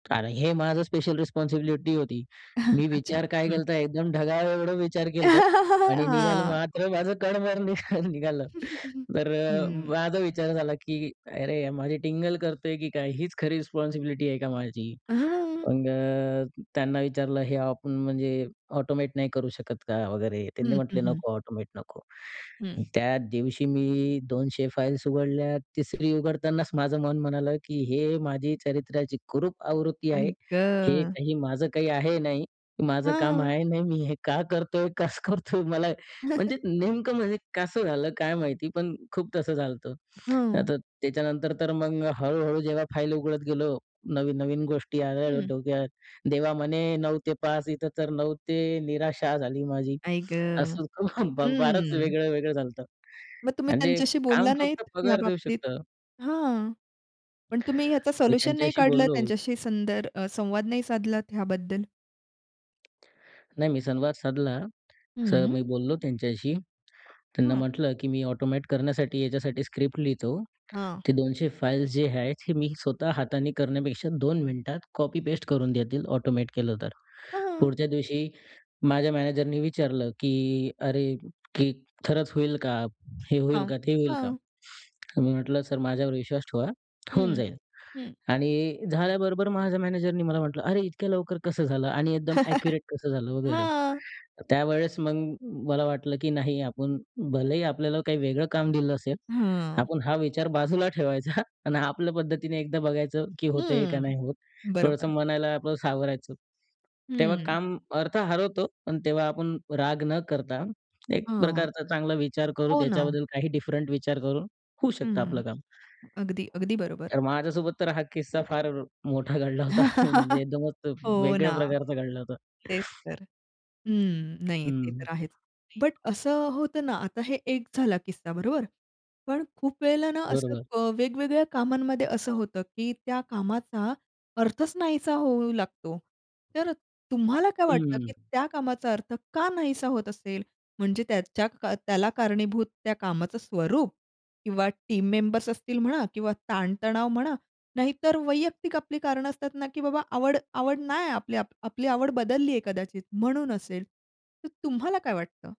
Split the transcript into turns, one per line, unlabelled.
आणि हे माझं स्पेशल रिस्पॉन्सिबिलिटी होती. मी
अच्छा,
विचार काय
हं.
केला होता? तर एकदम ढगा एवढं विचार केला होता आणि निघालं
हां.
मात्र माझं कण भर निघ निघालं. तर
हं.
माझा विचार झाला की अरे! माझी टिंगल करतोय की काय? हीच खरी रिस्पॉन्सिबिलिटी आहे का माझी?
अ, हां, हां.
मग अ, त्यांना विचारलं "हे आपण म्हणजे ऑटोमॅट नाही करू शकत का?" वगैरे त्यांनी
हं, हं,
म्हटले
हं.
"नको. ऑटोमॅट नको."
हं.
त्या दिवशी, मी 200 फाइल्स उघडल्या. तिसरी उघडतानाच माझं मन म्हणालं, की हे माझी चरित्र्याची कुरूप आवृत्ती आहे.
आई
हे
गं!
काही, माझं काही आहे नाही. माझं काम
हां.
आहे नाही, मी हे का करतोय? कसं करतोय? मला म्हणजे नेमकं म्हणजे कसं झालं काय माहिती? पण खूप तसं झाल होतं.
हां.
आता त्याच्यानंतर तर मग हळू-हळू जेव्हा फाइल उघडत गेलो, नवीन-नवीन गोष्टी यायला लागल्या
हं.
डोक्यात. "देवा" म्हणे 9:00 ते 5:00 इथं तर 9:00 ते निराशा झाली माझी.
आई गं!
असं कहून फारच
हम्म.
वेगळं-वेगळं झाल होतं.
मग तुम्ही
म्हणजे
त्यांच्याशी
काम
बोलला नाहीत,
फक्त
ह्या
पगार देऊ
बाबतीत?
शकतं.
हां. पण तुम्ही ह्याचं
मी
सोल्युशन नाही
त्यांच्याशी
काढलत,
बोललो
त्यांच्याशी संदर अ, संवाद नाही साधलात ह्याबद्दल?
नाही, मी संवाद साधला, असं
हं.
मी बोललो त्यांच्याशी. त्यांना
हां.
म्हटलं की "मी ऑटोमॅट करण्यासाठी याच्यासाठी स्क्रिप्ट लिहितो.
हां.
ते 200 फाइल्स जे आहेत, हे मी स्वतः हाताने करण्यापेक्षा दोन मिनिटात कॉपी पेस्ट करून देतील ऑटोमॅट केलं तर."
हां.
पुढच्या दिवशी माझ्या मॅनेजरनी विचारलं की "अरे! की खरंच होईल का? हे होईल
हां.
का? ते होईल का?"
हां.
मी म्हटलं "सर माझ्यावर विश्वास ठेवा, होऊन
हं,
जाईल"
हं.
आणि झाल्याबरोबर माझ्या मॅनेजरनी मला म्हटलं "अरे! इतक्या लवकर कसं झालं? आणि एकदम ॲक्युरेट कसं झालं?" वगैरे.
हां.
त्यावेळेस मग मला वाटलं की नाही आपण भलेही आपल्याला काही वेगळं काम दिलं असेल,
हां.
आपण हा विचार बाजूला ठेवायचा आणि आपल्या पद्धतीने एकदा बघायचं की होत आहे का?
हं,
नाही होत. थोडंसं
बरोबर.
मनाला आपलं सावरायचं. तेव्हा
हं.
काम अर्थ हरवतो. पण तेव्हा आपण राग न करता एक
हां.
प्रकारचा चांगला विचार करू
हो ना.
त्याच्याबद्दल काही डिफरंट विचार करून होऊ शकतं
हं,
आपलं काम.
अगदी, अगदी बरोबर.
तर माझ्यासोबत तर हा किस्सा फार मोठा घडला होता. म्हणजे एकदमच
हो
वेगळ्या
ना.
प्रकारचा घडला होता.
तेच तर. हं. नाही ते
हं.
तर आहेच. बट असं होतं ना, आता हे एक झाला किस्सा बरोबर? पण खूप वेळेला ना असं
बरोबर.
अ, वेगवेगळ्या कामांमध्ये असं होतं, की त्या कामाचा अर्थच नाहीसा होऊ लागतो. तर तुम्हाला काय वाटतं, की
हं.
त्या कामाचा, अर्थ का नाहीसा होत असेल? म्हणजे त्याच्या का त्याला कारणीभूत त्या कामाचं स्वरूप किंवा टीम मेंबर्स असतील म्हणा किंवा ताणतणाव म्हणा नाहीतर वैयक्तिक आपली कारणं असतात ना की बाबा आवड आवड नाही आपली आपली आवड बदललीये कदाचित म्हणून असेल. तर तुम्हाला काय वाटतं?